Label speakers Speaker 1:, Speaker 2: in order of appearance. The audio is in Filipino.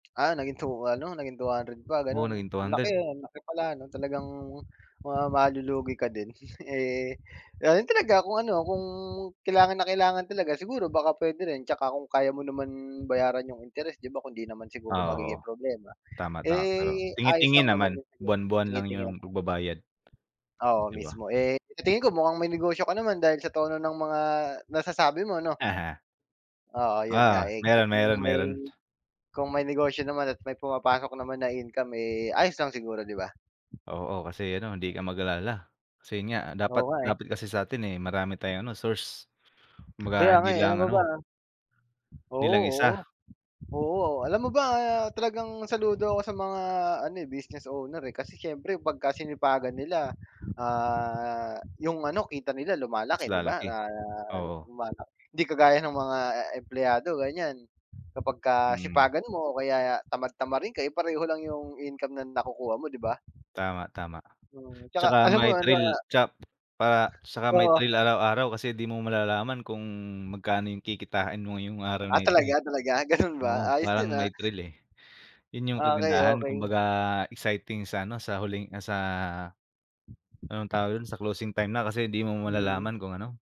Speaker 1: Ah, naging two ano naging 200 pa
Speaker 2: Oo
Speaker 1: ganun?
Speaker 2: naging
Speaker 1: Ang
Speaker 2: 200.
Speaker 1: laki ang laki pala ano talagang, mukhang malulugi ka din, eh, ayun talaga kung ano, kung kailangan na kailangan talaga siguro baka pwede rin tsaka kung kaya mo naman bayaran yung interest di ba kung hindi naman siguro magiging
Speaker 2: Oo.
Speaker 1: problema.
Speaker 2: Tama, tama pero
Speaker 1: Eh, ayos
Speaker 2: tingi-tingi
Speaker 1: lang naman
Speaker 2: naman
Speaker 1: yung
Speaker 2: buwan-buwan lang
Speaker 1: tingin-tingin.
Speaker 2: yung pagbabayad.
Speaker 1: Oo,
Speaker 2: Di ba?
Speaker 1: mismo eh, sa tingin ko mukhang may negosyo ka naman dahil sa tono ng mga nasasabi mo, no?
Speaker 2: Aha.
Speaker 1: Oo yun nga
Speaker 2: Oo,
Speaker 1: eh,
Speaker 2: meron,
Speaker 1: kung
Speaker 2: meron,
Speaker 1: may
Speaker 2: meron.
Speaker 1: kung may negosyo naman at may pumapasok naman na income eh, ayos lang siguro di ba?
Speaker 2: Oo, kasi ano hindi ka mag-alala, kasi yun nga,
Speaker 1: Oo
Speaker 2: dapat
Speaker 1: nga eh.
Speaker 2: dapat kasi sa atin eh, marami tayong ano, source, kumbaga
Speaker 1: Kaya
Speaker 2: hindi
Speaker 1: nga eh, alam
Speaker 2: lang
Speaker 1: mo ba
Speaker 2: ano hindi
Speaker 1: oo,
Speaker 2: lang isa.
Speaker 1: oo oo o alam mo ba talagang saludo ako sa mga ano eh, business owner eh, kasi siyempre pag sinipagan nila, ah, yung ano kita nila
Speaker 2: Mas
Speaker 1: lumalaki, di ba? Na
Speaker 2: lalaki, oo.
Speaker 1: lumalaki hindi kagaya ng mga empleyado ganyan. Kapagka
Speaker 2: Mm.
Speaker 1: sipagan mo o kaya tamad-tamarin ka eh pareho lang yung income na nakukuha mo, di ba?
Speaker 2: Tama, tama.
Speaker 1: Mm, tsaka
Speaker 2: Tsaka
Speaker 1: alam
Speaker 2: may
Speaker 1: mo ano
Speaker 2: thrill
Speaker 1: ah
Speaker 2: tsak pa tsaka may
Speaker 1: Oo.
Speaker 2: thrill araw-araw kasi di mo malalaman kung magkano yung kikitain mo ngayong araw na
Speaker 1: Ah,
Speaker 2: ito eh.
Speaker 1: talaga talaga ganun
Speaker 2: Oo,
Speaker 1: ba? Ayos
Speaker 2: parang
Speaker 1: din ah.
Speaker 2: may thrill eh. Yun yung
Speaker 1: Okey,
Speaker 2: kagandahan
Speaker 1: okey.
Speaker 2: kumbaga exciting sa ano, sa huling ah, sa, anong tawag yun sa closing time na kasi hindi mo
Speaker 1: Hmm.
Speaker 2: malalaman kung ano